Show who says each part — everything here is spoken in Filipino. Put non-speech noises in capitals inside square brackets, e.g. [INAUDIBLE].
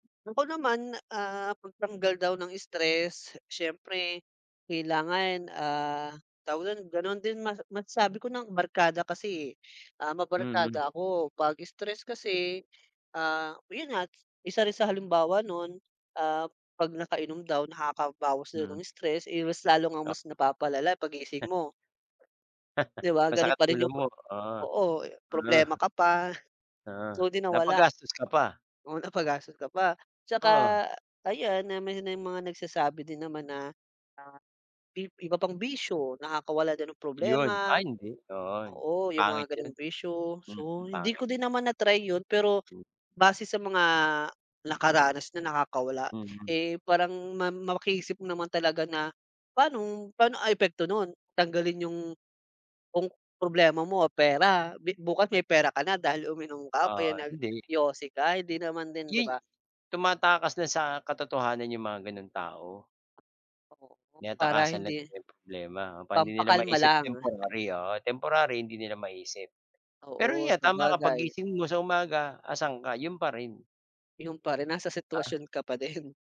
Speaker 1: Bagaman, ah, pangtanggal daw ng stress. Siyempre, kailangan, ah, tawag don, ganon din mas mas masasabi ko ng barkada kasi, eh. Ah,
Speaker 2: Mm.
Speaker 1: mabarkada ako, pag stress kasi, ah, yun nga, isa rin sa halimbawa nun, ah, pag nakainom daw nakakabawas daw
Speaker 2: Mm.
Speaker 1: ng stress, eh, mas lalo ngang
Speaker 2: Oh.
Speaker 1: mas napapalala pag
Speaker 2: [CHUCKLES]
Speaker 1: gising mo.
Speaker 2: [LAUGHS]
Speaker 1: Di ba ganun
Speaker 2: Masakit
Speaker 1: pa rin
Speaker 2: ulo
Speaker 1: yung
Speaker 2: mo,
Speaker 1: prob
Speaker 2: ah
Speaker 1: oo, eh, problema
Speaker 2: ah.
Speaker 1: ka pa.
Speaker 2: Ah,
Speaker 1: So, di nawala.
Speaker 2: napagastos ka pa.
Speaker 1: Oo, napagastos ka pa. Tsaka,
Speaker 2: Oo.
Speaker 1: ayan, na may ng mga nagsasabi din naman na, ah, i iba pang bisyo, nakakawala daw ng
Speaker 2: Yun,
Speaker 1: problema,
Speaker 2: ah hindi, oo
Speaker 1: oo, yung
Speaker 2: pangit
Speaker 1: mga ganong
Speaker 2: yun,
Speaker 1: bisyo. So
Speaker 2: mm,
Speaker 1: hindi
Speaker 2: pangit.
Speaker 1: ko din naman na-try yun pero,
Speaker 2: Hmm.
Speaker 1: base sa mga nakaranas na nakakawala,
Speaker 2: Mm.
Speaker 1: eh, parang ma maki-isip mo naman talaga na, paanong paano ang epekto nun? Tanggalin yung kung problema mo, ah, pera, bi bukas may pera ka na dahil uminom ka o kaya
Speaker 2: Ah, hindi.
Speaker 1: nag-yosi ka, hindi naman din, di ba?
Speaker 2: Yuy tumatakas dun sa katotohanan yung mga gano'ng tao.
Speaker 1: Oo, para
Speaker 2: Tinatakasan na
Speaker 1: hindi
Speaker 2: nila yung problema, kapag hindi nila
Speaker 1: Pampakalma
Speaker 2: maisip
Speaker 1: lang.
Speaker 2: temporary, oo, temporary hindi nila maisip. Pero
Speaker 1: Oo,
Speaker 2: yan tama ka,
Speaker 1: sabagay.
Speaker 2: paggising mo sa umaga asaan ka? Yun pa rin.
Speaker 1: Yung pa rin, nasa
Speaker 2: Ah.
Speaker 1: sitwasyon ka pa din.